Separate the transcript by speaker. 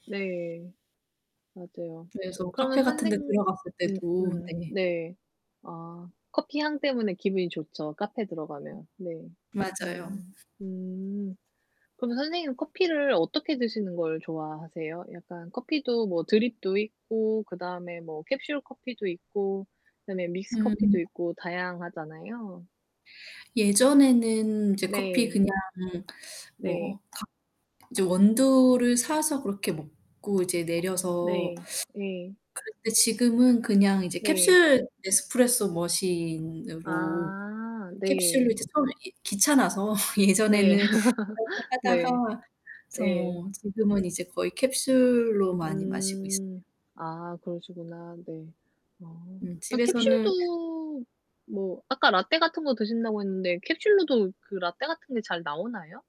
Speaker 1: 네. 맞아요.
Speaker 2: 그래서
Speaker 1: 그러면
Speaker 2: 카페 같은
Speaker 1: 선생
Speaker 2: 데 들어갔을
Speaker 1: 음
Speaker 2: 때도
Speaker 1: 음
Speaker 2: 네.
Speaker 1: 네. 아 커피 향 때문에 기분이 좋죠 카페 들어가면. 네.
Speaker 2: 맞아요.
Speaker 1: 음 음. 그러면 선생님은 커피를 어떻게 드시는 걸 좋아하세요? 약간 커피도 뭐 드립도 있고 그다음에 뭐 캡슐 커피도 있고 그다음에 믹스커피도
Speaker 2: 음.
Speaker 1: 있고 다양하잖아요.
Speaker 2: 예전에는 이제 커피
Speaker 1: 네.
Speaker 2: 그냥
Speaker 1: 네.
Speaker 2: 뭐 [unintelligible] 이제 다 이제 원두를 사서 그렇게 먹고 이제 내려서
Speaker 1: 네 예.
Speaker 2: 그런데 지금은 그냥 이제
Speaker 1: 네.
Speaker 2: 캡슐 네스프레소 머신으로
Speaker 1: 아
Speaker 2: 캡슐로
Speaker 1: 네.
Speaker 2: 이제 처음에 예 귀찮아서
Speaker 1: 네.
Speaker 2: 예전에는 그렇게
Speaker 1: 네.
Speaker 2: 하다가 그래서
Speaker 1: 예.
Speaker 2: 뭐 지금은 이제 거의 캡슐로 많이 마시고 있어요.
Speaker 1: 음 아, 그러시구나. 네. 어.
Speaker 2: 음
Speaker 1: 어
Speaker 2: 집에서는
Speaker 1: 캡슐도 뭐 아까 라테 같은 거 드신다고 했는데 캡슐로도 그 라테 같은 게 잘 나오나요?